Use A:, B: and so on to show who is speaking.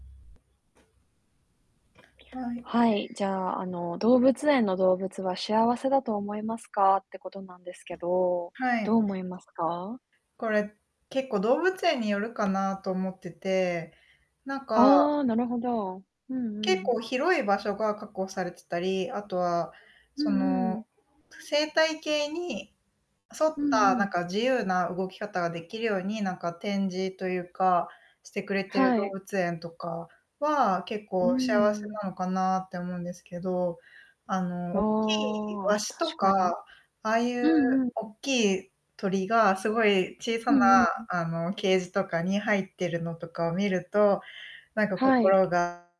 A: はい。
B: はい。じゃあ、あの、動物園の動物は幸せだと思いますか、ってことなんですけど、
A: は
B: どう
A: い。
B: 思いますか？
A: これ、結構動物園によるかなと思ってて、なんか
B: ああ、なるほど。うんう
A: 結
B: ん。
A: 構広い場所が確保されてたり、あとは、
B: う
A: そ
B: ん
A: の、
B: うん。
A: ぷ生態系に沿っ
B: うんう
A: た、なん
B: ん。
A: か、自由な動き方ができるように、なんか、展示というか、してくれてる
B: は
A: 動
B: い。
A: 物園とかは、結
B: うー
A: 構幸せ
B: ん。
A: なのかなって思うんですけど、あ
B: あ
A: の、おっきい
B: あ、
A: ワシ
B: 確
A: と
B: か
A: か、
B: に。
A: ああい
B: う
A: う
B: んうん。
A: おっきい鳥がすごい小さ
B: う
A: な、
B: んうんうん。
A: あの、ケージとかに入ってるのとかを見ると、なんか、
B: はい。
A: 心が